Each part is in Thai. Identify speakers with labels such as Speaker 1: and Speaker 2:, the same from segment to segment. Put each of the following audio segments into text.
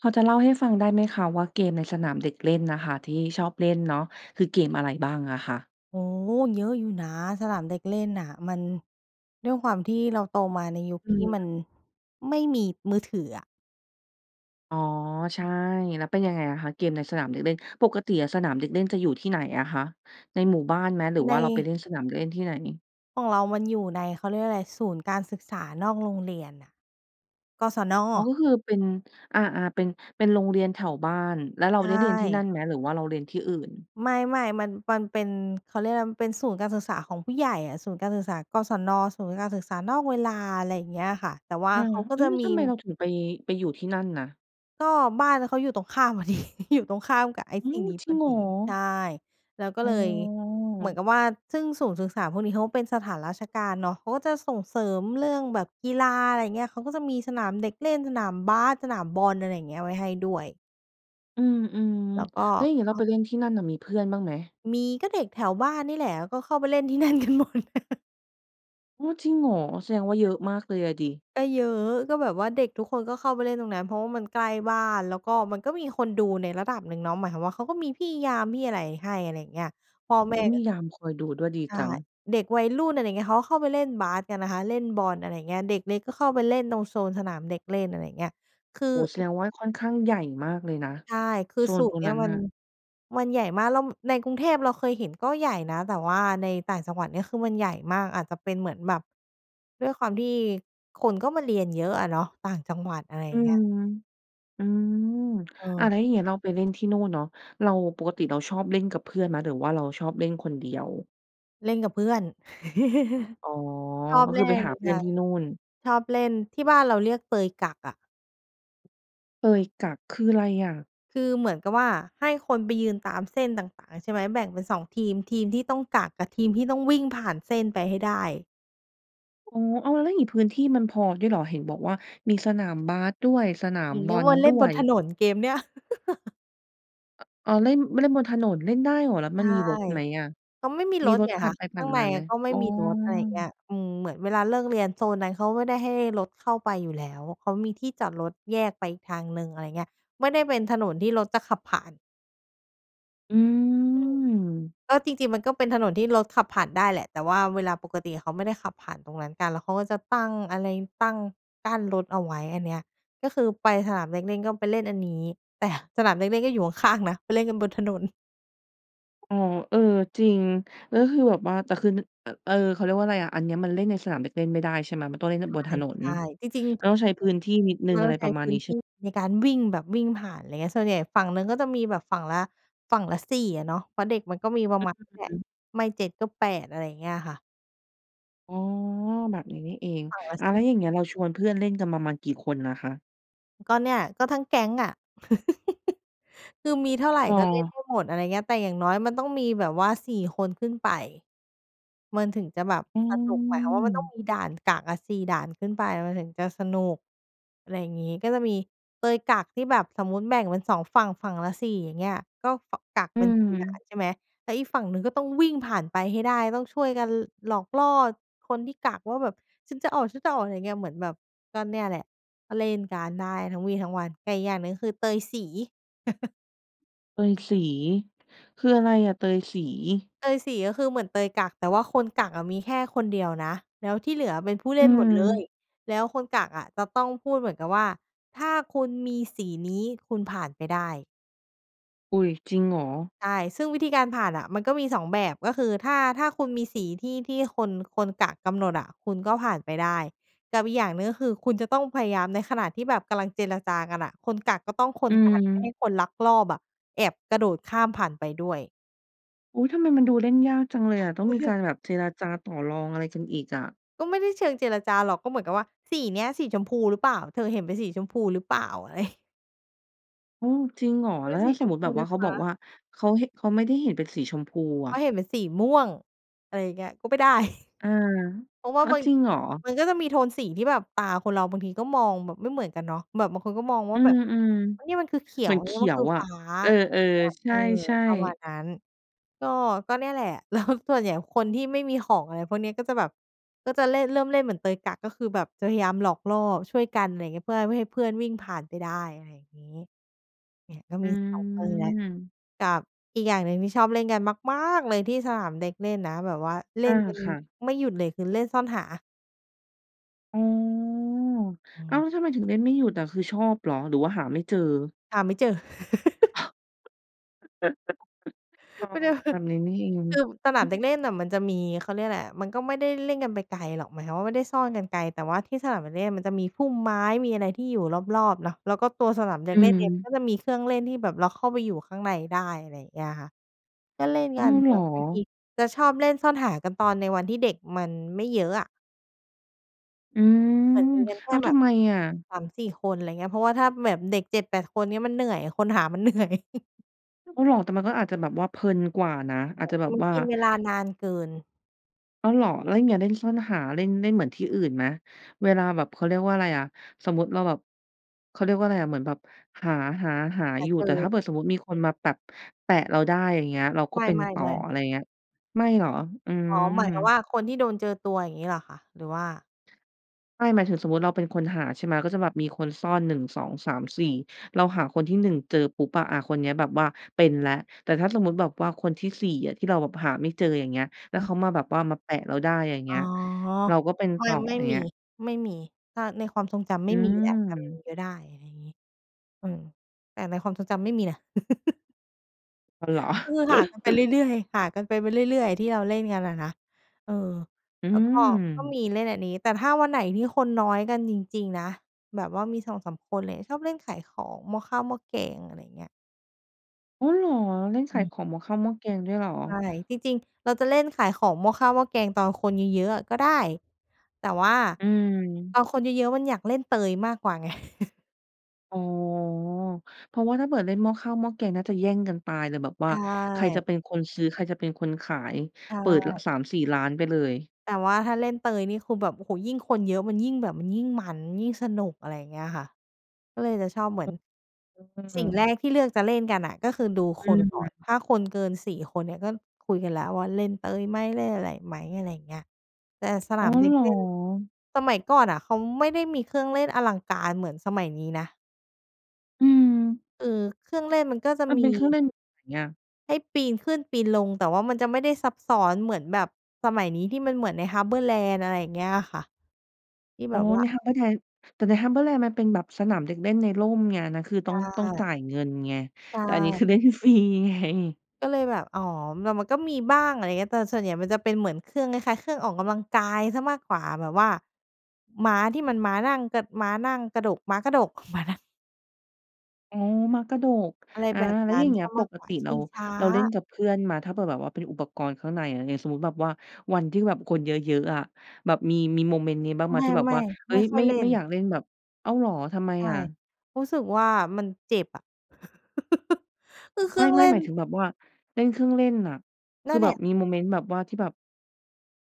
Speaker 1: พอจะเล่าให้ฟังได้ไหมคะ ว่าเกมในสนามเด็กเล่นน่ะค่ะ ที่ชอบเล่นเนาะ คือเกมอะไรบ้างอะคะ?
Speaker 2: โอ้โฮ เยอะอยู่นะ สนามเด็กเล่นน่ะ มัน ด้วยความที่เราโตมาในยุค
Speaker 1: อื
Speaker 2: ที่มั
Speaker 1: ม
Speaker 2: น ไม่มีมือถืออะ
Speaker 1: อ๋อ ใช่ แล้วเป็นยังไงอะคะ เกมในสนามเด็กเล่น ปกติอะสนามเด็กเล่นจะอยู่ที่ไหนอะคะ? ในหมู่บ้านไหม หรือ
Speaker 2: ใ
Speaker 1: ว่าเราไปเ
Speaker 2: น
Speaker 1: ล่นสนามเด็กเล่นที่ไหน?
Speaker 2: ของเรามันอยู่ใน เขาเรียกว่าไร ศูนย์การศึกษานอกโรงเรียนน่ะ กศน.
Speaker 1: อ๋อ ก็คือเป็น อา ๆ เป็น เป็นโรงเรียนแถวบ้าน แล้วเรา
Speaker 2: ใช
Speaker 1: ได้เรียนที่นั
Speaker 2: ่
Speaker 1: ่นไหม หรือว่าเราเรียนที่อื่น?
Speaker 2: ไม่ ๆ มัน มันเป็น เขาเรียกอะไร มันเป็นศูนย์การศึกษาของผู้ใหญ่อะ ศูนย์การศึกษา กศน. ศูนย์การศึกษานอกเวลา ไรเงี้ยค่ะ แต่ว่า
Speaker 1: อา
Speaker 2: เขาก็
Speaker 1: เฮ้
Speaker 2: จะ
Speaker 1: ย
Speaker 2: มี
Speaker 1: ทำไมเราถึงไป ไปอยู่ที่นั่นนะ?
Speaker 2: ก็บ้านเขาอยู่ตรงข้าม พอดี อยู่ตรงข้ามกับไอ้
Speaker 1: อื
Speaker 2: สิ่ง
Speaker 1: ม
Speaker 2: นี้
Speaker 1: จร
Speaker 2: พ
Speaker 1: ิง
Speaker 2: อ
Speaker 1: เหร
Speaker 2: ดี ใ
Speaker 1: อ?
Speaker 2: ช่ แล้วก็
Speaker 1: อ๋
Speaker 2: เลย เหมื
Speaker 1: อ
Speaker 2: อนกับว่า ซึ่งศูนย์ศึกษาพวกนี้เขาเป็นสถานราชการเนาะ เขาก็จะส่งเสริมเรื่องแบบกีฬา ไรเงี้ย เขาก็จะมีสนามเด็กเล่น สนามบาส สนามบอล อะไรอย่างเงี้ยไว้ให้ด้วย
Speaker 1: อืม
Speaker 2: แล้วก็
Speaker 1: ๆ แล้วอย่างงี้
Speaker 2: เข
Speaker 1: เราไ
Speaker 2: า
Speaker 1: ปเล่นที่นั่นน่ะ มีเพื่อนบ้างไหม?
Speaker 2: มี ก็เด็กแถวบ้านนี่แหละ ก็เข้าไปเล่นที่ นั่นกันหมด
Speaker 1: อ๋อ จริงเหรอ? แสดงว่าเยอะมากเลยอะสิ
Speaker 2: ก็เยอะ ก็แบบว่าเด็กทุกคนก็เข้าไปเล่นตรงนั้น เพราะว่ามันใกล้บ้าน แล้วก็มันก็มีคนดูในระดับหนึ่งเนาะ หมายความว่า เขาก็มีพี่ยาม พี่อะไรให้ อะไรเงี้ย พ่อแม
Speaker 1: อ
Speaker 2: ่
Speaker 1: ุ๊ย ม
Speaker 2: ก็
Speaker 1: ียามคอยดูด้วย ดี
Speaker 2: ใช่
Speaker 1: จัง
Speaker 2: เด็กวัยรุ่น อะไรเงี้ย เขาก็เข้าไปเล่นบาสกันนะคะ เล่นบอล อะไรเงี้ย เด็กเล็กก็เข้าไปเล่นตรงโซนสนามเด็กเล่น อะไรเงี้ย คือ
Speaker 1: โอ้โฮ แส
Speaker 2: อ
Speaker 1: ดงว่าค่อนข้างใหญ่มากเลยนะ
Speaker 2: ใช่ คือ
Speaker 1: โซ
Speaker 2: ส
Speaker 1: น
Speaker 2: ุ
Speaker 1: ตรง
Speaker 2: เนี้
Speaker 1: นั
Speaker 2: ย
Speaker 1: ้น
Speaker 2: มั
Speaker 1: น่
Speaker 2: น
Speaker 1: ะ
Speaker 2: มันใหญ่มาก แล้ว ม ในกรุงเทพเราเคยเห็นก็ใหญ่นะ แต่ว่าในต่างจังหวัดเนี้ย คือมันใหญ่มาก อาจจะเป็นเหมือนแบบ ด้วยความที่คนก็มาเรียนเยอะอะเนาะ ต่างจังหวัด อะไรอ
Speaker 1: อ
Speaker 2: ย
Speaker 1: ื
Speaker 2: ่างเงี้ย
Speaker 1: ม อืม อะ แล
Speaker 2: เออ
Speaker 1: ้วอย่างเงี้ยเราไปเล่นที่โน่นเนาะ เรา ปกติเราชอบเล่นกับเพื่อนไหม? หรือว่าเราชอบเล่นคนเดียว?
Speaker 2: เล่นกับเพื่อน
Speaker 1: อ๋อ
Speaker 2: ชอบ
Speaker 1: ก็
Speaker 2: เ
Speaker 1: ค
Speaker 2: ล
Speaker 1: ื
Speaker 2: ่
Speaker 1: อไป
Speaker 2: น
Speaker 1: หาเพื่
Speaker 2: ค
Speaker 1: อ
Speaker 2: ่
Speaker 1: น
Speaker 2: ะ
Speaker 1: ที่นู่น
Speaker 2: ชอบเล่น ที่บ้านเราเรียกเตยกักอะ
Speaker 1: เตยกัก คือไรอะ?
Speaker 2: คือเหมือนกับว่า ให้คนไปยืนตามเส้นต่าง ๆ ใช่ไหม แบ่งเป็น 2 ทีม ทีมที่ต้องกัก กับทีมที่ต้องวิ่งผ่านเส้นไปให้ได้
Speaker 1: อ๋อ อ้าว แล้วอย่างงี้พื้นที่มันพอด้วยเหรอ? เห็นบอกว่ามีสนามบาสด้วย สนา
Speaker 2: อ
Speaker 1: ม
Speaker 2: ย่างเ
Speaker 1: บ
Speaker 2: งี้
Speaker 1: อ
Speaker 2: ย
Speaker 1: ล
Speaker 2: วนเล
Speaker 1: ด
Speaker 2: ่น
Speaker 1: ้ว
Speaker 2: บน
Speaker 1: ย
Speaker 2: ถนน เกมเนี้ย
Speaker 1: อ๋อ เล่น เล่นบนถนน เล่นได้เหรอ? แล้ว
Speaker 2: ใช
Speaker 1: มั
Speaker 2: ่
Speaker 1: นมีรถไหมอะ?
Speaker 2: ก็ไม่มี
Speaker 1: มี
Speaker 2: รถ
Speaker 1: รถ
Speaker 2: ไง
Speaker 1: ผ่า
Speaker 2: ค
Speaker 1: น
Speaker 2: ะ
Speaker 1: ไปผ
Speaker 2: ข
Speaker 1: ่
Speaker 2: ้
Speaker 1: า
Speaker 2: า
Speaker 1: น
Speaker 2: งใ
Speaker 1: ม
Speaker 2: น
Speaker 1: าไหม?
Speaker 2: ก็ไม
Speaker 1: อ
Speaker 2: ่
Speaker 1: ๋อ
Speaker 2: มีรถ อะไรอย่างเงี้ย อืม เหมือนเวลาเลิกเรียนโซนนั้นเขาไม่ได้ให้รถเข้าไปอยู่แล้ว เขามีที่จอดรถแยกไปอีกทางหนึ่ง อะไรอย่างเงี้ย ไม่ได้เป็นถนนที่รถจะขับผ่าน
Speaker 1: อื
Speaker 2: อืม
Speaker 1: ม
Speaker 2: ก็จริง ๆ มันก็เป็นถนนที่รถขับผ่านได้แหละ แต่ว่าเวลาปกติเขาไม่ได้ขับผ่านตรงนั้นกัน แล้วเขาก็จะตั้งอะไร ตั้ง กั้นรถเอาไว้อันเนี้ย ก็คือไปสนามเด็กเล่นก็ไปเล่นอันนี้ แต่สนามเด็กเล่นก็อยู่ข้าง ๆ นะ ไปเล่นกันบนถนน
Speaker 1: อ๋อ เออ จริง แล้วคือแบบว่า แต่คือ เออ เขาเรียกว่าอะไรอะ อันเนี้ยมันเล่นในสนามเด็กเล่นไม่ได้ใช่ไหม? มันต้องเล่นกั
Speaker 2: ใช
Speaker 1: น
Speaker 2: ่
Speaker 1: บนถนน
Speaker 2: ใช่ จริง
Speaker 1: ก
Speaker 2: ๆ
Speaker 1: ็ต้องใช้พื้นที่นิดหนึ่
Speaker 2: เร
Speaker 1: ง
Speaker 2: า
Speaker 1: อะ
Speaker 2: ต้
Speaker 1: ไ
Speaker 2: อ
Speaker 1: ร
Speaker 2: งใช
Speaker 1: ปร
Speaker 2: ้
Speaker 1: ะมา
Speaker 2: พ
Speaker 1: ณ
Speaker 2: ื
Speaker 1: น
Speaker 2: ้
Speaker 1: ี
Speaker 2: น
Speaker 1: ้ใ
Speaker 2: ท
Speaker 1: ช่
Speaker 2: ี่ในการวิ่งแบบวิ่งผ่าน อะไรเงี้ย ส่วนใหญ่ฝั่งหนึ่งก็จะมีแบบฝั่งละ ฝั่งละ 4 อะเนาะ เพราะเด็กมันก็มีปร
Speaker 1: อ
Speaker 2: ะ
Speaker 1: ื
Speaker 2: มาณ
Speaker 1: อ
Speaker 2: แหล
Speaker 1: ฮ
Speaker 2: ะ
Speaker 1: ึ
Speaker 2: ไม่ 7 ก็ 8 อะไรอย่างเงี้ยค่ะ
Speaker 1: อ๋อ แบบนี้นี่เอง
Speaker 2: ฝั่งละ
Speaker 1: อา
Speaker 2: ส
Speaker 1: แล
Speaker 2: ี
Speaker 1: ้ว
Speaker 2: ่
Speaker 1: อย่างเงี้ย เราชวนเพื่อนเล่นกันประมาณกี่คนอะคะ?
Speaker 2: ก็เนี่ย ก็ทั้งแก๊งอะ คือมีเท่าไร ก็เล่น
Speaker 1: เออ
Speaker 2: ให้หมด อะไรเงี้ย แต่อย่างน้อยมันต้องมีแบบว่า 4 คนขึ้นไป มันถึงจะแบบ
Speaker 1: อื
Speaker 2: สนุก หมายความว่ามันต้อง
Speaker 1: ม
Speaker 2: มีด่านกักอะ 4 ด่านขึ้นไปมันถึงจะสนุก อะไรอย่างงี้ ก็จะมีเตยกักที่แบบสมมุติแบ่งเป็น 2 ฝั่ง ฝั่งละ 4 อย่างเงี้ย ก็ ก กัก
Speaker 1: อื
Speaker 2: เป็น 4 ด่าน
Speaker 1: ม
Speaker 2: ใช่ไหม แล้วอีกฝั่งหนึ่งก็ต้องวิ่งผ่านไปให้ได้ ต้องช่วยกันหลอกล่อคนที่กักว่าแบบ ฉันจะออก ฉันจะออก ไรเงี้ย เหมือนแบบก็เนี่ยแหละ ก็เล่นกันได้ทั้งวี่ทั้งวัน แต่อย่างหนึ่ง คือ เตยสี
Speaker 1: เตยสี คืออะไรอะ เตยสี?
Speaker 2: เตยสี ก็คือเหมือนเตยกัก แต่ว่าคนกักอะมีแค่คนเดียวนะ แล้วที่เหลือเป็นผู้
Speaker 1: อ
Speaker 2: เล่นหมดเลย
Speaker 1: ืม
Speaker 2: แล้วคนกักอะจะต้องพูดเหมือนกับว่า ถ้าคุณมีสีนี้คุณผ่านไปได้
Speaker 1: อุ๊ย จริงเหรอ?
Speaker 2: ใช่ ซึ่งวิธีการผ่านน่ะมันก็มี 2 แบบ ก็คือถ้า ถ้าคุณมีสีที่ ที่คน คนกักกำหนดอะ คุณก็ผ่านไปได้ กับอีกอย่างหนึ่ง ก็คือคุณจะต้องพยายามในขณะที่แบบกำลังเจรจากันน่ะ คนกักก็ต้องค
Speaker 1: อื
Speaker 2: นกันไม่ให
Speaker 1: ม
Speaker 2: ้คนลักลอบอะ แอบกระโดดข้ามผ่านไปด้วย
Speaker 1: อุ๊ย! ทำไมมันดูเล่นยากจังเลยอ่ะ ต้องมีการแบบเจรจาต่อรองอะไรกันอีกอะ
Speaker 2: ก็ไม่ได้เชิงเจรจาหรอก ก็เหมือนกับว่า สีเนี้ยสีชมพูหรือเปล่า? เธอเห็นเป็นสีชมพูหรือเปล่า? อะไร
Speaker 1: อ๋อ! จริงเหรอ?
Speaker 2: ก็
Speaker 1: แล้ว
Speaker 2: ส
Speaker 1: ถ้
Speaker 2: ี
Speaker 1: าส
Speaker 2: ช
Speaker 1: ม
Speaker 2: ม
Speaker 1: มต
Speaker 2: พ
Speaker 1: ิแบ
Speaker 2: ู่
Speaker 1: บว
Speaker 2: น
Speaker 1: ่า
Speaker 2: ะ
Speaker 1: เขา
Speaker 2: ค
Speaker 1: บอก
Speaker 2: ะ
Speaker 1: ว่า เขา ห เขาไม่ได้เห็นเป็นสีชมพูอ
Speaker 2: เพราะ
Speaker 1: ะ
Speaker 2: เห็นเป็นสีม่วง อะไรอย่างเงี้ย ก็ไม่ได้
Speaker 1: อา
Speaker 2: เพราะว่
Speaker 1: อ
Speaker 2: า
Speaker 1: ะ
Speaker 2: มัน
Speaker 1: จริงเหรอ?
Speaker 2: มันก็จะมีโทนสีที่แบบตาคนเราบางทีก็มองแบบไม่เหมือนกันเนาะ แบบบางคนก็มองว
Speaker 1: อ
Speaker 2: ่
Speaker 1: ื
Speaker 2: า แบบ
Speaker 1: ม
Speaker 2: นี่
Speaker 1: ๆ
Speaker 2: มันคือเขี
Speaker 1: เ
Speaker 2: ย
Speaker 1: หมื
Speaker 2: ว
Speaker 1: อนเข
Speaker 2: นี่
Speaker 1: ี
Speaker 2: มัน
Speaker 1: ย
Speaker 2: ค
Speaker 1: ว
Speaker 2: ือ
Speaker 1: อ
Speaker 2: ฟ
Speaker 1: ะ
Speaker 2: ้า
Speaker 1: เออ
Speaker 2: ไรเงี้ย
Speaker 1: ๆ ใ
Speaker 2: เออ
Speaker 1: ช่
Speaker 2: ประมา
Speaker 1: ๆ
Speaker 2: ณนั้น ก็ ก็เนี่ยแหละ แล้ว ส่วนใหญ่คนที่ไม่มีของอะไรพวกนี้ ก็จะแบบ ก็จะเล่น เริ่มเล่นเหมือนเตยกัก ก็คือแบบจะพยายามหลอกล่อช่วยกัน ไรเงี้ย เพื่อไม่ให้เพื่อนวิ่งผ่านไปได้ อะไรอย่างงี้ เนี่ยก็
Speaker 1: อื
Speaker 2: มี 2 กรณีนะ
Speaker 1: ม
Speaker 2: กับอีกอย่างหนึ่งที่ชอบเล่นกัน มากม๊ากเลยที่สนามเด็กเล่นนะ แบบว่าเล
Speaker 1: อ
Speaker 2: ่
Speaker 1: า
Speaker 2: นกัน
Speaker 1: ค่ะ
Speaker 2: ไม่หยุดเลย คือ เล่นซ่อนหา
Speaker 1: อ๋อ
Speaker 2: อื
Speaker 1: อ้าว แ
Speaker 2: ม
Speaker 1: ล้วทำไมถึงเล่นไม่หยุดอะ คือชอบหรอ หรือว่าหาไม่เจอ?
Speaker 2: หาไม่เจอ
Speaker 1: อ๋อ
Speaker 2: มันจะ
Speaker 1: แบบนี้นี่เอง
Speaker 2: คือสนามเด็กเล่นน่ะ มันจะมี เขาเรียกอะไร มันก็ไม่ได้เล่นกันไปไกลหรอก หมายความว่า ไม่ได้ซ่อนกันไกล แต่ว่าที่สนามเด็กเล่นมันจะมีพุ่มไม้ มีอะไรที่อยู่รอบ ๆ เนาะ แล้วก็ตัวสนามเด็
Speaker 1: อื
Speaker 2: กเล่นเองมั
Speaker 1: ม
Speaker 2: นก็จะมีเครื่องเล่น ที่แบบเราเข้าไปอยู่ข้างในได้ อะไรเงี้ยค่ะ ก็เล่น
Speaker 1: อ
Speaker 2: ก
Speaker 1: ้
Speaker 2: ั
Speaker 1: า
Speaker 2: น
Speaker 1: ว! เหร
Speaker 2: แบ
Speaker 1: อ
Speaker 2: บบางทีจะชอบเล่นซ่อนหากันตอนในวันที่เด็กมันไม่เยอะอะ
Speaker 1: อืม
Speaker 2: เหมือนมีกันแค
Speaker 1: อ
Speaker 2: ่
Speaker 1: ้าว
Speaker 2: แบ
Speaker 1: ทำ
Speaker 2: บ
Speaker 1: ไมอะ?
Speaker 2: 3-4 คน ไรเงี้ย เพราะว่าถ้าแบบเด็ก 7-8 คนเนี่ยมันเหนื่อย คนหามัน เหนื่อย
Speaker 1: อ้อ เหรอ แต่มันก็อาจจะแบบว่าเพลินกว่านะ อาจจะแบ
Speaker 2: ม
Speaker 1: บ
Speaker 2: ัน
Speaker 1: ว่า
Speaker 2: กินเวลานานเกิน
Speaker 1: อ้าว เหรอ แล้วอย่างงี้เล่นซ่อนหา เล่น เล่นเหมือนที่อื่นไหม? เวลาแบบ เขาเรียกว่าไรอะ สมมุติเราแบบ เขาเรียกว่าไรอะ เหมือนแบบ หา หา หา
Speaker 2: แต่
Speaker 1: อยู่
Speaker 2: ค
Speaker 1: แ
Speaker 2: ื
Speaker 1: ต่
Speaker 2: อ
Speaker 1: ถ้าเผื่อสมมุติมีคนมาแบบแปะเราได้อย่างเงี้ย เราก็
Speaker 2: ไ
Speaker 1: เป็น
Speaker 2: ม
Speaker 1: ต่อ
Speaker 2: ่ ๆ ๆ
Speaker 1: อะไรเงี้ย ไม่เหรอ? อื
Speaker 2: อ๋
Speaker 1: ม
Speaker 2: อ หมายถึงว่าคนที่โดนเจอตัวอย่างงี้เหรอคะ? หรือว่า?
Speaker 1: ไม่ หมายถึงสมมุติเราเป็นคนหาใช่ไหม ก็จะแบบมีคนซ่อน 1 2 3 4 เราหาคนที่ 1 เจอปุ๊บอะ อะ คนเนี้ยแบบว่าเป็นแล้ว แต่ถ้าสมมุติแบบว่าคนที่ 4 อะ ที่เราแบบหาไม่เจออย่างเงี้ย แล้
Speaker 2: อ
Speaker 1: ว
Speaker 2: ื
Speaker 1: เข
Speaker 2: ม
Speaker 1: ามาแบบว่ามาแปะเราได้ อย่างเ
Speaker 2: อ
Speaker 1: ง
Speaker 2: ๋
Speaker 1: ี้
Speaker 2: อ
Speaker 1: ย เราก็เป็น
Speaker 2: ไม
Speaker 1: ต
Speaker 2: ่
Speaker 1: ่อ
Speaker 2: ไม่
Speaker 1: เ
Speaker 2: ม
Speaker 1: ง
Speaker 2: ี
Speaker 1: ี้ย
Speaker 2: ไม่มี ถ้าในความทรงจำไ
Speaker 1: อ
Speaker 2: ม่มี แต่อาจจะมี
Speaker 1: ืม
Speaker 2: ก็ได้ ไรงี้ อืม แต่ในความทรงจำไม่มีนะ
Speaker 1: อ้าว เหรอ
Speaker 2: ก็คือหากันไปเรื่อย ๆ หากันไป ไปเรื่อย ๆ ที่เราเล่นกันอะนะ เออ
Speaker 1: อื
Speaker 2: แล้วก็ ก็ม
Speaker 1: ม
Speaker 2: ีเล่นอันนี้ แต่ถ้าวันไหนที่คนน้อยกันจริง ๆ นะ แบบว่ามี 2-3 คนเลย ชอบเล่นขายของหม้อข้าวหม้อแกง อะไรเงี้ย
Speaker 1: อ้อเหรอ เล่นข
Speaker 2: อื
Speaker 1: าย
Speaker 2: ม
Speaker 1: ของหม้อข้าวหม้อแกงด้วยเหรอ?
Speaker 2: ใช่ จริง ๆ เราจะเล่นขายของหม้อข้าวหม้อแกงตอนคนเยอะ ๆ อะก็ได้ แต่ว่า
Speaker 1: อืม
Speaker 2: ตอนคนเยอะ ๆ มันอยากเล่นเตยมากกว่าไง
Speaker 1: อ๋อ เพราะว่าถ้าเผื่อเล่นหม้อข้าวหม้อแกงน่าจะแย่งกันตายเลย แบบว
Speaker 2: ใช
Speaker 1: ่าใครจะ
Speaker 2: ่
Speaker 1: เป็นคนซื้อ ใครจะเป็นคนขาย
Speaker 2: ใช
Speaker 1: เปิด ร
Speaker 2: ่
Speaker 1: 3-4 ร้านไปเลย
Speaker 2: แต่ว่าถ้าเล่นเตยนี่คือแบบ โอ้โฮ! ยิ่งคนเยอะ มันยิ่งแบบ มันยิ่งมัน ยิ่งสนุก อะไรอย่างเงี้ยค่ะ ก็เลยจะชอบเหมือน สิ่งแรกที่เลือกจะเล่นกันน่ะ ก็คือดู
Speaker 1: อ
Speaker 2: ค
Speaker 1: ื
Speaker 2: นก่อน
Speaker 1: ม
Speaker 2: ถ้าคนเกิน 4 คนเนี่ย ก็คุยกันแล้วว่า เล่นเตยไหม เล่นอะไรไหม อะไรอย่างเงี้ย แต่สน
Speaker 1: อ
Speaker 2: า
Speaker 1: ๋อ
Speaker 2: มเด็
Speaker 1: เห
Speaker 2: ก
Speaker 1: รอ?
Speaker 2: เล่น สมัยก่อนน่ะ เขาไม่ได้มีเครื่องเล่นอลังการเหมือนสมัยนี้นะ
Speaker 1: อืม
Speaker 2: เออ เครื่องเล่นมันก็จะ
Speaker 1: มัน
Speaker 2: ม
Speaker 1: เ
Speaker 2: ี
Speaker 1: ป็นเครื่องเล่นแบบไหนอะ?
Speaker 2: ให้ปีนขึ้นปีนลง แต่ว่ามันจะไม่ได้ซับซ้อนเหมือนแบบสมัยนี้ ที่มันเหมือนใน HarborLand อะไรอย่างเงี้ยอะค่ะ ที่
Speaker 1: อ
Speaker 2: แ
Speaker 1: ๋
Speaker 2: บ
Speaker 1: อ
Speaker 2: บว่
Speaker 1: ใน
Speaker 2: า
Speaker 1: HarborLand แต่ใน HarborLand มันเป็นแบบสนามเด็กเล่นในร่มไง อันนั้นคือ
Speaker 2: ใช
Speaker 1: ต้อง ต้องจ
Speaker 2: ่
Speaker 1: ่ายเงินไง
Speaker 2: ใช
Speaker 1: แต่อันนี้ค
Speaker 2: ่
Speaker 1: ือ เล่นฟรีไง
Speaker 2: ก็เลยแบบ อ๋อ มัน มันก็มีบ้าง อะไรเงี้ย แต่ส่วนใหญ่มันจะเป็นเหมือนเครื่องคล้าย ๆ เครื่องออกกำลังกายเสียมากกว่า แบบว่าม้าที่มันม้านั่งกะ ม้านั่งกระดก ม้ากระดก ม้านั่ง
Speaker 1: อ๋อ ม้ากระดก
Speaker 2: อะไร
Speaker 1: อา
Speaker 2: แบบ
Speaker 1: แล้
Speaker 2: น
Speaker 1: ว
Speaker 2: ั้
Speaker 1: อย่
Speaker 2: น
Speaker 1: างเง
Speaker 2: เ
Speaker 1: ี
Speaker 2: ส
Speaker 1: ้
Speaker 2: ี
Speaker 1: ย
Speaker 2: ยม
Speaker 1: ป
Speaker 2: าก
Speaker 1: ก
Speaker 2: กว่
Speaker 1: ต
Speaker 2: า
Speaker 1: ิ
Speaker 2: ช
Speaker 1: เร
Speaker 2: ิ
Speaker 1: า
Speaker 2: งช้า
Speaker 1: เราเล่นกับเพื่อนมา ถ้าเปิดแบบว่าเป็นอุปกรณ์ข้างใน อย่างนี้ สมมุติแบบว่าวันที่แบบคนเยอะ ๆ อะ แบบมี มีโมเมนต์นี้บ้างไหม
Speaker 2: ไ
Speaker 1: ที่แบบ
Speaker 2: ม
Speaker 1: ว
Speaker 2: ่
Speaker 1: ่า เฮ
Speaker 2: ๆ ไ
Speaker 1: ้
Speaker 2: ม่
Speaker 1: ย
Speaker 2: ค่
Speaker 1: ไ
Speaker 2: อ
Speaker 1: ม่
Speaker 2: ยเล่
Speaker 1: ไม่
Speaker 2: น
Speaker 1: อยากเล่นแบบ อ้าวเหรอ ทำไม
Speaker 2: ใช่
Speaker 1: อะ?
Speaker 2: รู้สึกว่ามันเจ็บอะ คือเค
Speaker 1: ไ
Speaker 2: รื่อง
Speaker 1: ม
Speaker 2: เล
Speaker 1: ่
Speaker 2: ่
Speaker 1: ๆ หม
Speaker 2: น
Speaker 1: ายถึงแบบว่าเล่นเครื่องเล่นน่ะ ค
Speaker 2: นั
Speaker 1: ือ
Speaker 2: ่นแ
Speaker 1: แ
Speaker 2: ห
Speaker 1: บ
Speaker 2: ล
Speaker 1: บ
Speaker 2: ะ
Speaker 1: มีโมเมนต์แบบว่าที่แบบ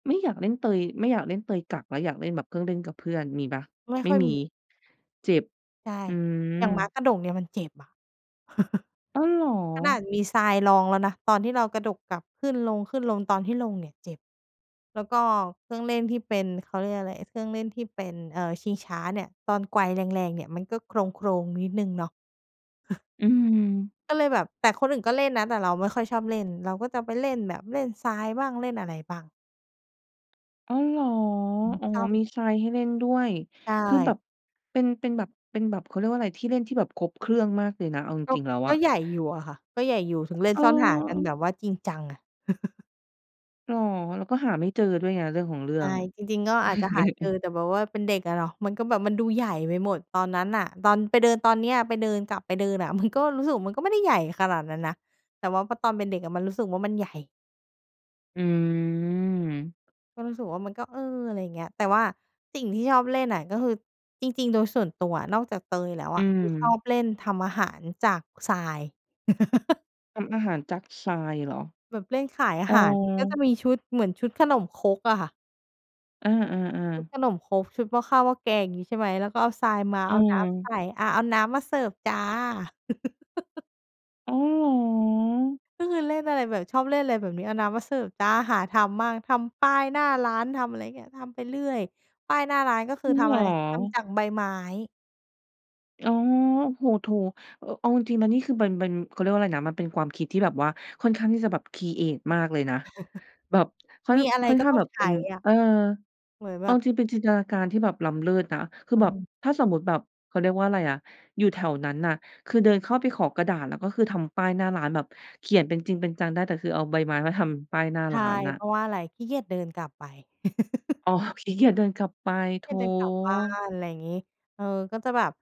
Speaker 1: ไม่อยากเล่นเตย ไม่อยากเล่นเตยกักแล้ว อยากเล่นแบบเครื่องเล่นกับเพื่อน มีเปล่า?
Speaker 2: ไม่
Speaker 1: ไม
Speaker 2: ค
Speaker 1: ่
Speaker 2: ่อย
Speaker 1: มี
Speaker 2: มี
Speaker 1: เจ็บ
Speaker 2: ใช่
Speaker 1: อื
Speaker 2: อย่างม้า
Speaker 1: ม
Speaker 2: กระดกเนี่ยมันเจ็บอะ
Speaker 1: อ้าวเหรอ?
Speaker 2: ขนาดมีทรายรองแล้วนะ ตอนที่เรากระดกกลับขึ้นลง ขึ้นลง ตอนที่ลงเนี่ย เจ็บ แล้วก็เครื่องเล่นที่เป็น เขาเรียกอะไร เครื่องเล่นที่เป็น เอ่อ ชิงช้าเนี่ย ตอนไกวแรง ๆ เนี่ย มันก็โครง ๆ นิดหนึ่งเนาะ
Speaker 1: อืม
Speaker 2: ก็เลยแบบ แต่คนอื่นก็เล่นนะ แต่เราไม่ค่อยชอบเล่น เราก็จะไปเล่นแบบ เล่นทรายบ้าง เล่นอะไรบ้าง
Speaker 1: อ้อเหรอ
Speaker 2: อือ
Speaker 1: อ๋อ
Speaker 2: ชอ
Speaker 1: ม
Speaker 2: บ
Speaker 1: ีทรายให้เล่นด้วย
Speaker 2: ใช
Speaker 1: คือแบ
Speaker 2: ่
Speaker 1: บ เป็น เป็นแบบ เป็นแบบ เค้าเรียกว่าไร ที่เล่นที่แบบครบเครื่องมากเลยนะ เอาจ
Speaker 2: ก็
Speaker 1: ริง ๆ แล้ว
Speaker 2: ก
Speaker 1: อ
Speaker 2: ็
Speaker 1: ะ
Speaker 2: ใหญ่อยู่อะค่ะ ก็ใหญ่อยู่ ถึงเล่
Speaker 1: เ
Speaker 2: นซ่อนหากันแ
Speaker 1: ออ
Speaker 2: บบว่าจริงจังอะ
Speaker 1: เหรอ เราก็หาไม่เจอด้วยไง เรื่องของเรื่
Speaker 2: ใช
Speaker 1: อง
Speaker 2: ่ จริง ๆ ก็อาจจะหาเจอแต่แบบว่าเป็นเด็กอะเนาะ มันก็แบบ มันดูใหญ่ไปหมดตอนนั้นน่ะ ตอนไปเดินตอนเนี้ย ไปเดิน กลับไปเดินอะ มัน ก็รู้สึกมันก็ไม่ได้ใหญ่ขนาดนั้นนะ แต่ว่าพอตอนเป็นเด็กอะมันรู้สึกว่ามันใหญ่
Speaker 1: อืม
Speaker 2: ก็รู้สึกว่ามันก็ เออ อะไรอย่างเงี้ย แต่ว่าสิ่งที่ชอบเล่นน่ะ ก็คือ จริง ๆ โดยส่วนตัวอะ นอกจากเตยแล้ว
Speaker 1: อ
Speaker 2: อ
Speaker 1: ื
Speaker 2: ะ คือชอ
Speaker 1: ม
Speaker 2: บเล่นทำอาหารจากทราย
Speaker 1: ทำอาหารจากทรายเหรอ?
Speaker 2: แบบเล่นขายอา
Speaker 1: อ๋อ
Speaker 2: หารก็จะมีชุดเหมือนชุดขนมครกอะค่ะ
Speaker 1: เออ
Speaker 2: ชุ
Speaker 1: ๆ
Speaker 2: ด
Speaker 1: ๆ
Speaker 2: ขนมครก ชุดหม้อข้าวหม้อแกงอย่างงี้ใช่ไหม แล้วก็เอาทรายมา
Speaker 1: อื
Speaker 2: เอาน้ำใส
Speaker 1: ม
Speaker 2: ่ อา เอาน้ำมาเสิร์ฟจ้า
Speaker 1: อ๋อ เหรอ
Speaker 2: ก็คือเล่นอะไรแบบ ชอบเล่นอะไรแบบเนี้ย เอาน้ำมาเสิร์ฟจ้า หาทำมาก ทำป้ายหน้าร้านทำอะไรเงี้ย ทำไปเรื่อย ป้ายหน้าร้าน ก็ค
Speaker 1: จ
Speaker 2: ื
Speaker 1: ร
Speaker 2: อ
Speaker 1: ิ
Speaker 2: ท
Speaker 1: งเ
Speaker 2: ำ
Speaker 1: หร
Speaker 2: อะไร ทำจ
Speaker 1: อ
Speaker 2: ากใบไม้
Speaker 1: อ๋อ โอ้โฮ! โถ! อ เอาจริง ๆ แล้วนี่คือ เป็น เป็น เขาเรียกว่าอะไรนะ มันเป็นความคิดที่แบบว่าค่อนข้างที่จะแบบครีเอตมากเลยนะ แบบ ค่อน
Speaker 2: มีอะไร
Speaker 1: ค่อน
Speaker 2: ก็
Speaker 1: ข้า
Speaker 2: ต
Speaker 1: ง
Speaker 2: ้อ
Speaker 1: แ
Speaker 2: ง
Speaker 1: บบ
Speaker 2: ใช
Speaker 1: เป็
Speaker 2: ้
Speaker 1: น
Speaker 2: อะ
Speaker 1: เออ
Speaker 2: เหมือน
Speaker 1: เอ
Speaker 2: แบ
Speaker 1: าจ
Speaker 2: บ
Speaker 1: ริง ๆ เป็นจินตนาการที่แบบล้ำเลิศนะ คือ
Speaker 2: เ
Speaker 1: แบบ
Speaker 2: ออ
Speaker 1: ถ้าสมมุติแบบ เขาเรียกว่าอะไรอะ อยู่แถวนั้นน่ะ คือเดินเข้าไปขอกระดาษ แล้วก็คือทำป้ายหน้าร้านแบบเขียนเป็นจริงเป็นจังได้ แต่คือเอาใบไม้มาทำป้ายหน้า
Speaker 2: ใช
Speaker 1: ร
Speaker 2: ่
Speaker 1: ้านน่ะ
Speaker 2: เพราะว่าอะไร ขี้เกียจเดินกลับไป
Speaker 1: อ๋อ ขี้เกียจ เดินกลับไป โถ!
Speaker 2: แค่เดินกลับบ้าน อะไรอย่างงี้ เออ ก็จะแบบ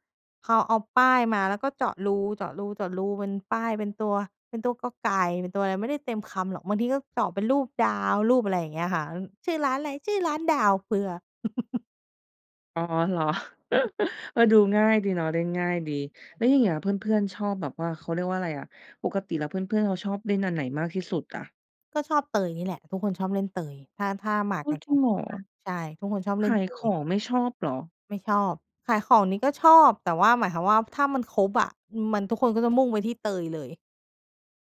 Speaker 2: เขาเอาป้ายมาแล้วก็เจาะรู เจาะรู เจาะรูเป็นป้าย เป็นตัว เป็นตัวกอไก่ เป็นตัวอะไร ไม่ได้เต็มคำหรอก บางทีก็เจาะเป็นรูปดาว รูปอะไรอย่างเงี้ยค่ะ อ "ชื่อร้านอะไร?" "ชื่อร้านดาว" เพื่อ?
Speaker 1: อ๋อ เหรอ? เออ ดูง่ายดีเนาะเล่นง่ายดี แล้วอย่างเงี้ยเพื่อน ๆ ชอบแบบว่า เขาเรียกว่าอะไรอะ ปกติแล้วเพื่อน ๆ เขาชอบเล่นอันไหนมากที่สุดอะ?
Speaker 2: ก็ชอบเตยนี่แหละ ทุกคนชอบเล่นเตย ถ้า ถ้าหมาก
Speaker 1: อ้า
Speaker 2: กั
Speaker 1: ว!
Speaker 2: น
Speaker 1: จ
Speaker 2: ค
Speaker 1: ริงเหร
Speaker 2: ร
Speaker 1: อ?
Speaker 2: บ ๆ ค่ะ ใช่ ทุกคนชอบเล
Speaker 1: ข
Speaker 2: ่น
Speaker 1: า
Speaker 2: เ
Speaker 1: ย
Speaker 2: ต
Speaker 1: ข
Speaker 2: ย
Speaker 1: องไม่ชอบเหรอ?
Speaker 2: ไม่ชอบ ขายของนี่ก็ชอบ แต่ว่าหมายความว่า ถ้ามันครบอะ อืม มัน ทุกคนก็จะมุ่งไปที่เตยเลย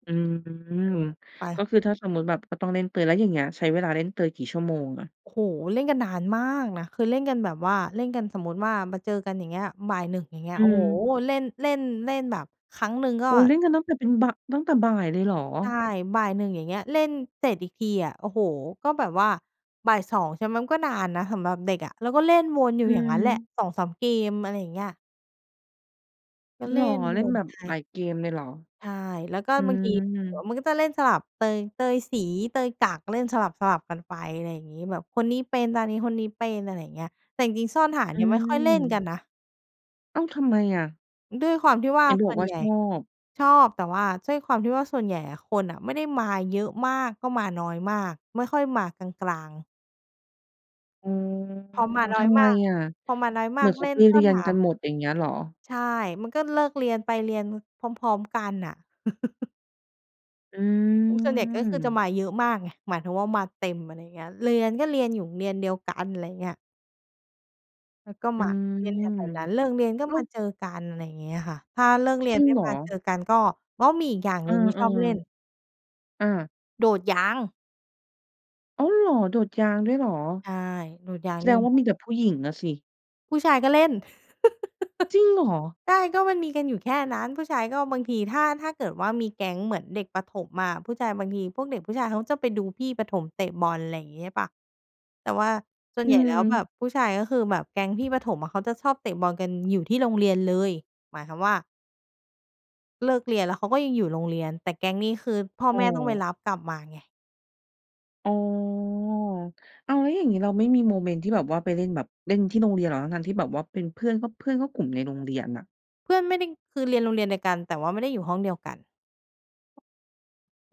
Speaker 1: อืม
Speaker 2: อืม ไ
Speaker 1: ก็
Speaker 2: ป
Speaker 1: คือถ้าสมมุติแบบ ก็ต้องเล่นเตย แล้วอย่างเงี้ยใช้เวลาเล่นเตยกี่ชั่วโมงอะ?
Speaker 2: โอ้โฮ! เล่นกันนานมากนะ เคยเล่นกันแบบว่า เล่นกันสมมุติว่า มาเจอกัน อย่างเงี้ย 13:00 อย่างเงี้
Speaker 1: อ
Speaker 2: ย
Speaker 1: ื
Speaker 2: โอ้โฮ!
Speaker 1: ม
Speaker 2: เล่น เล่น เล่นแบบ ครั้งหนึ่งก็
Speaker 1: โอ้ เล่นกันตั้งแต่เป็น บ ตั้งแต่บ่ายเลยเหรอ?
Speaker 2: ใช่ 13:00 อย่างเงี้ย เล่นเสร็จอีกทีอะ โอ้โฮ! ก็แบบว่า 14:00 ใช่ไหม มันก็นานนะสำหรับเด็กอะ แล้วก็เล่นวนอยู
Speaker 1: อ
Speaker 2: ่
Speaker 1: ื
Speaker 2: อย่างงั้นแหละ
Speaker 1: ม
Speaker 2: 2-3 เกม อะไรอย่างเงี้ย ก็
Speaker 1: เ
Speaker 2: เ
Speaker 1: ห
Speaker 2: ล
Speaker 1: ร
Speaker 2: ่
Speaker 1: อ?
Speaker 2: น
Speaker 1: เ
Speaker 2: ว
Speaker 1: ล่นแ
Speaker 2: น
Speaker 1: บบ
Speaker 2: ไป
Speaker 1: หลายเกมเลยเหรอ?
Speaker 2: ใช่ แล้วก็
Speaker 1: อื
Speaker 2: บางทีเดี๋ยว
Speaker 1: ม
Speaker 2: มันก็จะเล่นสลับเตย เตยสี เตยกัก เล่นสลับ ๆ กันไป อะไรงี้ แบบคนนี้เป็น ตานี้คนนี้เป็น อะไรอย่างเงี้ย แต่จริง ๆ ซ่อนหาน
Speaker 1: อ
Speaker 2: เนี่ยไม่ค่อย เล่นกั
Speaker 1: ื
Speaker 2: น
Speaker 1: ม
Speaker 2: นะ
Speaker 1: อ้าว ทำไมอะ?
Speaker 2: ด้วยความที่ว่า
Speaker 1: เห็น
Speaker 2: ส
Speaker 1: บ
Speaker 2: ่
Speaker 1: อก
Speaker 2: วน
Speaker 1: ว่า
Speaker 2: ใหญ
Speaker 1: ช
Speaker 2: ่
Speaker 1: อบ
Speaker 2: ชอบ แต่ว่าด้วยความที่ว่าส่วนใหญ่อะ คนอะไม่ได้มาเยอะมากก็มาน้อยมาก ไม่ค่อยมากลาง ๆ
Speaker 1: อ๋อ
Speaker 2: พอมาน้
Speaker 1: ท
Speaker 2: อย
Speaker 1: ำไม
Speaker 2: มาก
Speaker 1: อะ
Speaker 2: พอมาน้อย
Speaker 1: เ
Speaker 2: ม
Speaker 1: หม
Speaker 2: า
Speaker 1: ือ
Speaker 2: ก
Speaker 1: นเข
Speaker 2: เล
Speaker 1: า
Speaker 2: ่
Speaker 1: ไป
Speaker 2: นซ
Speaker 1: เ
Speaker 2: ่
Speaker 1: รี
Speaker 2: อน
Speaker 1: ยน
Speaker 2: ห
Speaker 1: กัน
Speaker 2: า
Speaker 1: หมดอย่างเงี้ยเหรอ?
Speaker 2: ใช่ มันก็เลิกเรียน ไปเรียน ม พร้อม ๆ กันน่ะ
Speaker 1: อื
Speaker 2: โอ้โฮ ส่วนใหญ่ก็คือจะ
Speaker 1: ม
Speaker 2: มาเยอะมากไง หมายถึงว่ามาเต็ม อะไรอย่างเงี้ย เรียนก็เรียนอยู่โรงเรียนเดียวกัน อะไรเงี้ย แล้วก็
Speaker 1: อื
Speaker 2: มา
Speaker 1: ม
Speaker 2: เรียนแถว ๆ นั้น เลิกเรียนก็
Speaker 1: อ้า
Speaker 2: ม
Speaker 1: ว!
Speaker 2: าเจอกัน อะไรอย่างเงี้ยค่ะ ถ้าเลิกเรี
Speaker 1: จ
Speaker 2: ย
Speaker 1: ร
Speaker 2: น
Speaker 1: ิง
Speaker 2: ไม่
Speaker 1: เหร
Speaker 2: มา
Speaker 1: อ?
Speaker 2: เจอกัน ก็ อ๋อ มีอีกอย่าง
Speaker 1: เอ
Speaker 2: ห
Speaker 1: อ
Speaker 2: นึ่งที่ชอบเล่น
Speaker 1: ๆ อา
Speaker 2: โดดยาง
Speaker 1: อ้าวเหรอ โดดยางด้วยเหรอ?
Speaker 2: ใช่ โดดยา
Speaker 1: แ
Speaker 2: ง
Speaker 1: สด
Speaker 2: นี่
Speaker 1: งว
Speaker 2: แ
Speaker 1: ่
Speaker 2: ห
Speaker 1: า
Speaker 2: ละ
Speaker 1: มีแต่ผู้หญิงน่ะสิ
Speaker 2: ผู้ชายก็เล่น
Speaker 1: จริงเหรอ?
Speaker 2: ใช่ ก็มันมีกันอยู่แค่นั้น ผู้ชายก็บางที ถ้า ถ้าเกิดว่ามีแก๊งเหมือนเด็กประถมอะ ผู้ชายบางที พวกเด็กผู้ชายเขาจะไปดูพี่ประถมเตะบอล อะไรอย่างเงี้ยใช่เปล่า แต่ว่าส่
Speaker 1: อ
Speaker 2: วนใหญ่แล้วแบ
Speaker 1: ืม
Speaker 2: บผู้ชายก็คือ แบบแก๊งพี่ประถมอะ เขาจะชอบเตะบอลกันอยู่ที่โรงเรียนเลย หมายความว่า เลิกเรียนแล้วเขาก็ยังอยู่โรงเรียน แต่แก๊งนี้คือพ่อ
Speaker 1: อ้
Speaker 2: แม่ต้องไป
Speaker 1: อ
Speaker 2: รับกลับมาไง
Speaker 1: อ๋อ อ้าว แล้วอย่างงี้เราไม่มีโมเมนต์ที่แบบว่าไปเล่นแบบเล่นที่โรงเรียนเหรอ? ทั้ง ๆ ที่แบบว่าเป็นเพื่อน ก็ เพื่อนก็กลุ่มในโรงเรียนน่ะ
Speaker 2: เพื่อนไม่ได้ คือเรียนโรงเรียนเดียวกัน แต่ว่าไม่ได้อยู่ห้องเดียวกัน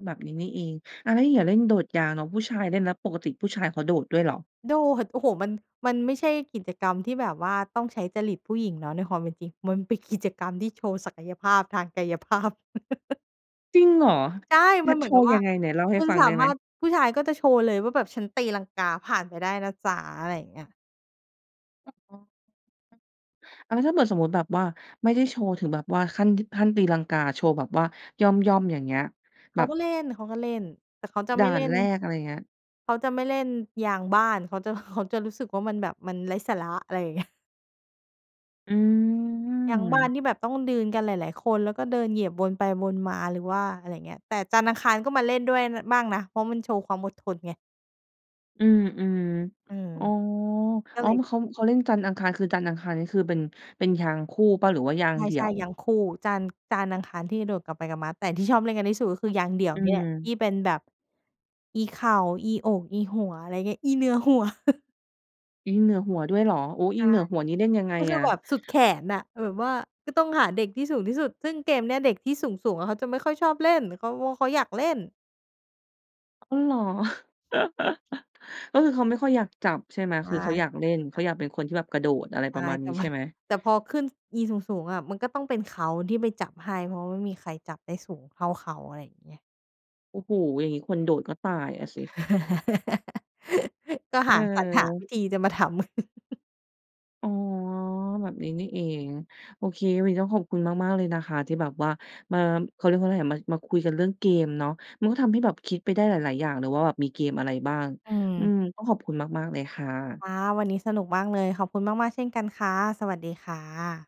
Speaker 1: แบบ นี้นี่เอง อ้าว แล้วอย่างเงี้ยเล่นโดดยางเนาะ ผู้ชายเล่นแล้วปกติ ผู้ชายเขาโดดด้วยเหรอ?
Speaker 2: โดด โอ้โฮ มัน มันไม่ใช่กิจกรรมที่แบบว่าต้องใช้จริตผู้หญิงเนาะ ในความเป็นจริง มันเป็นกิจกรรมที่โชว์ศักยภาพทาง กายภาพ
Speaker 1: จริงเหรอ?
Speaker 2: ใช่
Speaker 1: แน
Speaker 2: ม
Speaker 1: ่
Speaker 2: ัน
Speaker 1: ด
Speaker 2: เห
Speaker 1: โ
Speaker 2: มื
Speaker 1: ช
Speaker 2: อนก
Speaker 1: ว
Speaker 2: ับ
Speaker 1: ์
Speaker 2: ว
Speaker 1: ย
Speaker 2: ่า
Speaker 1: ังไง? ไหนเล่าให
Speaker 2: ค
Speaker 1: ้
Speaker 2: ุณ
Speaker 1: ฟัง
Speaker 2: สา
Speaker 1: ได้ไ
Speaker 2: ม
Speaker 1: หม?
Speaker 2: ารถ ผู้ชายก็จะโชว์เลยว่า แบบฉันตีลังกาผ่านไปได้นะจ๊ะ อะไรอย่างเงี้ย
Speaker 1: อ้อ อ๋อ อะ แล้วถ้าเปิดสมมุติแบบว่า ไม่ได้โชว์ถึงแบบว่าขั้น ดึ ขั้นตีลังกาโชว์แบบว่า ย่อม ๆ อย่างเงี้ย
Speaker 2: เ
Speaker 1: แ
Speaker 2: ข
Speaker 1: บ
Speaker 2: า
Speaker 1: บ
Speaker 2: ก็เล่น เขาก็ เล่น แต่เขาจะ
Speaker 1: ด
Speaker 2: ไ
Speaker 1: ่
Speaker 2: ม
Speaker 1: า
Speaker 2: ่เล
Speaker 1: น
Speaker 2: ่น
Speaker 1: แรก อะไรเงี้ย
Speaker 2: เขาจะไม่เล่นยางบ้าน เขา จะ เขาจะรู้สึกว่า มันแบบมันไร้สาระ อะไรอย่าง เงี้ย
Speaker 1: อื
Speaker 2: ยางบ้าน
Speaker 1: ม
Speaker 2: ที่แบบต้องยืน กันหลาย ๆ คน แล้วก็เดินเหยียบวนไปวนมา หรือว่าอะไรเงี้ย แต่จันทร์อังคารก็มาเล่นด้วย น บ้างนะ เพราะมันโชว์ความอดทนไง
Speaker 1: อืม
Speaker 2: อืม
Speaker 1: ๆ อ๋อ
Speaker 2: ก็
Speaker 1: อ๋อ
Speaker 2: เลย
Speaker 1: ม เขา เขาเล่นจันทร์อังคาร คือจันทร์อังคาร นี่คือเป็น เป็นยางคู่เปล่า หรือว่ายางเดี
Speaker 2: ใ
Speaker 1: ่
Speaker 2: ช
Speaker 1: ย
Speaker 2: ่
Speaker 1: ว?
Speaker 2: ๆ ยางคู่ จันทร์ จันทร์อังคาร ที่กระโดดกลับไปกลับมา แต่ที่ชอบเล่นกันที่สุด ก็คือยางเดี่ยว
Speaker 1: อื
Speaker 2: นี่แหละ ท
Speaker 1: ม
Speaker 2: ี่เป็นแบบ อีเข่า อีอก อีหัว อะไรเงี้ย อีเหนือหัว
Speaker 1: อีเหนือหัวด้วยเหรอ? โอ้
Speaker 2: ใ
Speaker 1: อ
Speaker 2: ช
Speaker 1: ี
Speaker 2: ่
Speaker 1: เหนือหัวนี่เล่นยังไง
Speaker 2: ก็คื
Speaker 1: อ
Speaker 2: อ
Speaker 1: ะ?
Speaker 2: แบบสุดแขนน่ะ แบบว่าก็ต้องหาเด็กที่สูงที่สุด ซึ่งเกมเนี้ย เด็กที่สูง ๆ อะ เขาจะไม่ค่อยชอบเล่น เขาว่า เขาอยากเล่น
Speaker 1: อ้อ เหรอ? ก็คือเขาไม่ค่อยอยากจับใช่ไหม?
Speaker 2: ใช่
Speaker 1: คือเขาอ
Speaker 2: เ
Speaker 1: ย
Speaker 2: ข
Speaker 1: า
Speaker 2: า
Speaker 1: กเล่
Speaker 2: ไม่อย
Speaker 1: น
Speaker 2: าก
Speaker 1: เ
Speaker 2: จ
Speaker 1: ข
Speaker 2: ั
Speaker 1: า
Speaker 2: บ
Speaker 1: อยากเป็นคนที่แบบกระโดด อะไร
Speaker 2: ใช
Speaker 1: ป
Speaker 2: ่
Speaker 1: ระมาณ
Speaker 2: แ
Speaker 1: น
Speaker 2: ต
Speaker 1: ี
Speaker 2: ่
Speaker 1: ้ใ
Speaker 2: ม
Speaker 1: ช
Speaker 2: ั
Speaker 1: ่
Speaker 2: น
Speaker 1: ไหม?
Speaker 2: แต่พอขึ้น ซ อีสูง ๆ อะ มันก็ต้องเป็นเขาที่ไปจับให้ เพราะว่าไม่มีใครจับได้สูงเท่าเขา อะไรอย่างเงี้ย
Speaker 1: โอ้โฮ อย่างงี้คนโดดก็ตายอะสิ
Speaker 2: ก็หา สรรหาว
Speaker 1: เ
Speaker 2: ิ
Speaker 1: ออ
Speaker 2: ธีจะมาทำ
Speaker 1: อ๋อ แบบนี้นี่เอง โอเค วันนี้ต้องขอบคุณมาก ๆ เลยนะคะ ที่แบบว่ามา อ เขาเรียกว่าไรอะ มา มาคุยกันเรื่องเกมเนาะ มันก็ทำให้แบบคิดไปได้หลาย ๆ อย่างเลยว่าแบบมีเกมอะไรบ้าง
Speaker 2: อื
Speaker 1: อื
Speaker 2: ม
Speaker 1: ม ต้องขอบคุณมาก ๆ เลยค่ะ
Speaker 2: ค่ะ วันนี้สนุกมากเลย ขอบคุณมาก ๆ เช่นกันค่ะ สวัสดีค่ะ